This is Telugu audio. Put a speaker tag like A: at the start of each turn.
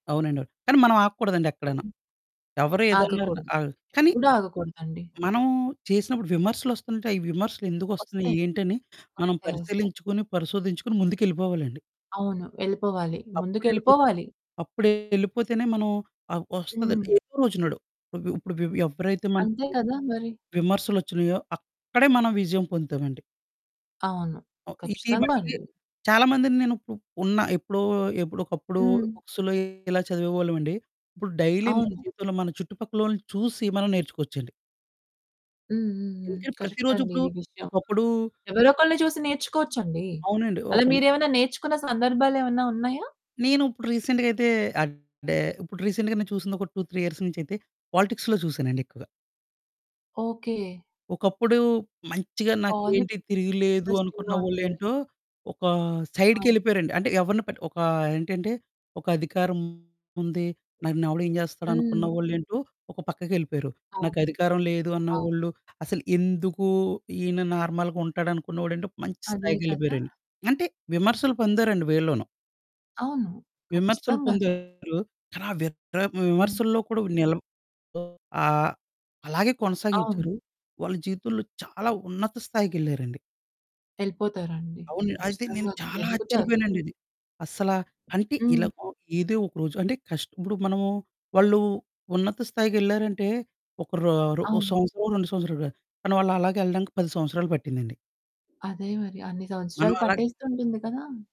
A: అవునండి అవును. కానీ మనం ఆగకూడదండి ఎక్కడును.
B: హ్మ్.
A: ఎవరు ఏదన్నరన
B: ఆగకూడదు.
A: ఆహ్, కానీ
B: ఎప్పుడు ఆగకూడదండి.
A: మనం చేసినప్పుడు విమర్శలోస్తుంటాయి. విమర్శలు ఎందుకొస్తున్నాయి?
B: వస్తాయి.
A: ఏంటని మనం
B: వస్తాయి, వస్తాయి.
A: పరిశీలించుకుని, పరిశోధించుకొని ముందుకెళ్ళిపోవాలండి.
B: అవును వెళ్ళిపోవాలి,
A: అప్పుడేళ్ళిపోతే
B: ముందుకెళ్ళిపోవాలి.
A: అప్పుడే ఎళ్ళిపోతేనే మనం ఆహ్, వస్తదని
B: హ్మ్.
A: ఏదో రోజునడు. ఇప్పుడు వి వి ఎవ్వరైతే
B: అంతే
A: మనకి
B: కదా! మరి.
A: విమర్శలోచ్చినాయో అక్కడే మనం విజయం పొందుతామండి.
B: అవును.
A: ఓ ఇది
B: ఖచ్చితంగా
A: మటికీ
B: అండి.
A: చాలా మందిని నేను ఉపు ఉన్నా ఎప్పుడో ఎప్పుడో ఒకప్పుడు
B: హ్మ్.
A: బుక్స్‌లో ఇలా చదివేవాళ్ళమండి. ఇప్పుడు డైలీ మన
B: అవును.
A: జీవితంలో మన చుట్టుపక్కలోళ్ళని చూసి మనం నేర్చుకోవచ్చండి.
B: హ్మ్, హ్మ్, హ్మ్,
A: ఎందుకంటే
B: కరెక్ట్
A: ప్రతిరోజు
B: అండి
A: ఇప్పుడు
B: ఇది విషయం.
A: ఒకప్పుడు
B: ఎవరో ఒక్కలని చూసి నేర్చుకోవచ్చండి.
A: అవునండీ
B: అలా
A: ఒకళ్ళు
B: మీరు ఏమైనా నేర్చుకున్న సందర్భాలు ఏమైనా ఉన్నాయా?
A: నేను ఇప్పుడు రీసెంట్‍గా అయితే అడే ఇప్పుడు రీసెంట్‍గా నేను చూసింది ఒక 2, 3 ఇయర్స్ నుంచి అయితే పాలిటిక్స్‌లో చూసానండి ఎక్కువగా.
B: ఓకే.
A: ఒకప్పుడు మంచిగా
B: పాలి
A: "నాకేంటి తిరిగులేదు" అనుకున్న
B: ఇంట్రెస్టింగ్‍గా
A: వాళ్ళు
B: ఉంది.
A: ఏంటో, ఒక
B: అవును.
A: సైడ్‍కెళ్ళిపోయారండి. అంటే ఎవరిని పట్టి ఒక ఏంటంటే "ఒక అధికారముంది, నన్ను ఎవడు ఏం చేస్తాడు?" అనుకున్న
B: హ్మ్.
A: వాళ్ళేంటో ఒక పక్కకెళ్ళిపోయారు.
B: అవును,
A: నాకు అధికారం లేదు
B: అవును.
A: అన్నవాళ్ళు, అసలు ఎందుకు ఈయన నార్మల్‍గా ఉంటాడనుకున్నవాడు ఏంటో మంచి
B: అదే కదా!
A: స్థాయికెళ్ళిపోయారండి. అంటే విమర్శలు పొందారండి వీళ్ళోనూ.
B: అవును.
A: విమర్శలు
B: ఖచ్చితంగా!
A: పొందారు. ఆలా వీర్ ఆహ్,
B: హ్మ్.
A: విమర్శల్లో కూడా నిల ఓహ్, ఆహ్, అలాగే
B: అవును.
A: కొనసాగించారు వాళ్ళ జీవితంలో చాలా ఉన్నత స్థాయికెళ్ళారండి.
B: ఎళ్ళిపోతారండి.
A: అవును. అయితే నేను
B: ఖచ్చితంగా
A: చాలా
B: ఎదుగుతారు.
A: ఆశ్చర్యపోయానండి. ఇది అస్సలా అంటే
B: హ్మ్.
A: ఇలాగ ఏదో ఒకరోజు అంటే కష్టం ఇప్పుడు మనము వాళ్ళు ఉన్నత స్థాయికెళ్లారంటే ఒక రో రో
B: అవును.
A: సంవత్సరమొ, 2 సంవత్సరాలు కాదు. కానీ వాళ్ళు అలాగే వెళ్ళడానికి 10 సంవత్సరాలు పట్టిందండి.
B: అదే మరి అన్ని
A: మనం
B: సంవత్సరాలు
A: అలా
B: పట్టేస్తుంటుంది కదా!